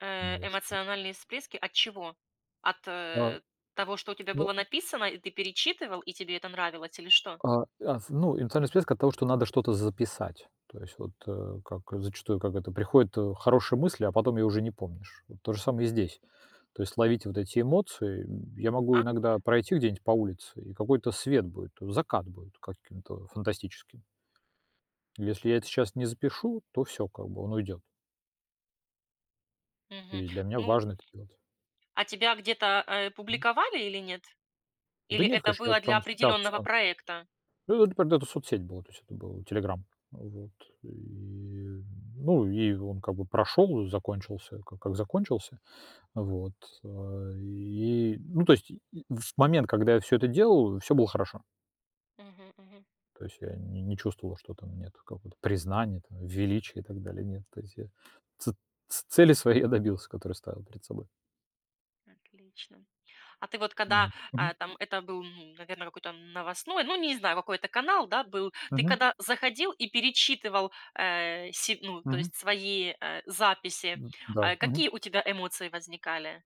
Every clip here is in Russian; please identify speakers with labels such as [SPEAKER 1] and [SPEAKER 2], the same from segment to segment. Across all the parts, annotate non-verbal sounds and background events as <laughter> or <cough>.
[SPEAKER 1] Э,
[SPEAKER 2] Новостной.
[SPEAKER 1] эмоциональные списки от чего? От,
[SPEAKER 2] А,
[SPEAKER 1] э, того, что у тебя
[SPEAKER 2] ну.
[SPEAKER 1] было написано, и ты перечитывал, и тебе это нравилось, или что?
[SPEAKER 2] А, аф ну, эмоциональная списки от того, что надо что-то записать, то есть вот, э, как, э, зачастую, как это приходит, э, хорошая мысль, а потом её уже не помнишь. Вот то же самое и здесь. То есть ловить вот эти эмоции. М, я могу иногда
[SPEAKER 1] Ага.
[SPEAKER 2] пройти где-нибудь по улице, и какой-то свет будет, э, закат будет каким-то, а, фантастическим. Если я это сейчас не запишу, то всё, как бы, он уйдёт.
[SPEAKER 1] Мгм.
[SPEAKER 2] И для меня
[SPEAKER 1] Ну
[SPEAKER 2] важно это делать.
[SPEAKER 1] А тебя где-то, э,
[SPEAKER 2] Мгм.
[SPEAKER 1] публиковали или нет?
[SPEAKER 2] Да
[SPEAKER 1] Или
[SPEAKER 2] нет,
[SPEAKER 1] это
[SPEAKER 2] конечно, я
[SPEAKER 1] было для
[SPEAKER 2] там
[SPEAKER 1] определённого
[SPEAKER 2] статься.
[SPEAKER 1] проекта?
[SPEAKER 2] Ну да, например, это соцсеть была, то есть это был "Телеграм". Вот, и, ну, и он как бы прошел, э, закончился, ка как закончился. Вот, а, и, ну то есть, и и в момент, когда я всё это делаю, всё было хорошо.
[SPEAKER 1] Мгм, мгм.
[SPEAKER 2] То есть я не не чувствовал, что там нет какого-то признания, там, величия и так далее. Нет, то есть я ци ц цели своей я добился, которые ставил перед собой.
[SPEAKER 1] Отлично. А ты вот, когда,
[SPEAKER 2] Вот, мгм.
[SPEAKER 1] а, там это был, н наверное, какой-то новостной, ну, не знаю, какой-то канал, да, был. Ты,
[SPEAKER 2] Мгм.
[SPEAKER 1] когда заходил и перечитывал, э, се ну, то
[SPEAKER 2] Мгм.
[SPEAKER 1] есть, свои, э, записи,
[SPEAKER 2] Ну да,
[SPEAKER 1] а
[SPEAKER 2] мгм.
[SPEAKER 1] какие у тебя эмоции возникали?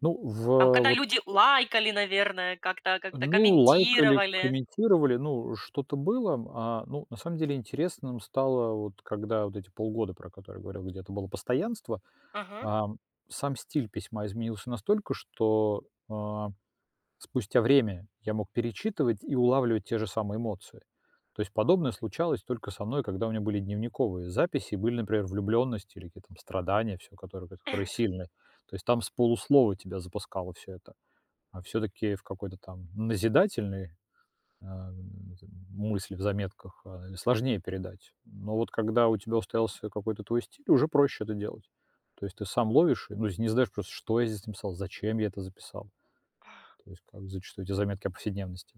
[SPEAKER 2] Ну, в,
[SPEAKER 1] Там,
[SPEAKER 2] э,
[SPEAKER 1] когда
[SPEAKER 2] вот.
[SPEAKER 1] люди лайкали, наверное, как-то как-то
[SPEAKER 2] Ну, лайкали,
[SPEAKER 1] комментировали?
[SPEAKER 2] комментировали, ну, э, что-то было. А, ну, на самом деле интересным стало, вот когда вот эти полгода, про которые я говорил, где это было постоянство,
[SPEAKER 1] Ага.
[SPEAKER 2] а сам стиль письма изменился настолько, что, а, спустя время я мог перечитывать и улавливать те же самые эмоции. То есть подобное случалось только со мной, когда у меня были дневниковые записи, и были, например, влюблённость или какие-то там страдания, всё, которые которые
[SPEAKER 1] <chuckles>
[SPEAKER 2] сильные. То есть там с полуслова тебя запускало всё это, а всё-таки в какой-то там назидательной ам, в этой мысли в заметках, а, сложнее передать, но вот когда у
[SPEAKER 1] Мгм,
[SPEAKER 2] тебя
[SPEAKER 1] мгм.
[SPEAKER 2] устоялся какой-то твой стиль, уже проще это делать. То есть ты сам ловишь, и, ну, если не знаешь, просто: "Что я здесь написал? Зачем я это записал?"
[SPEAKER 1] А
[SPEAKER 2] То есть как зачастую эти заметки о повседневности.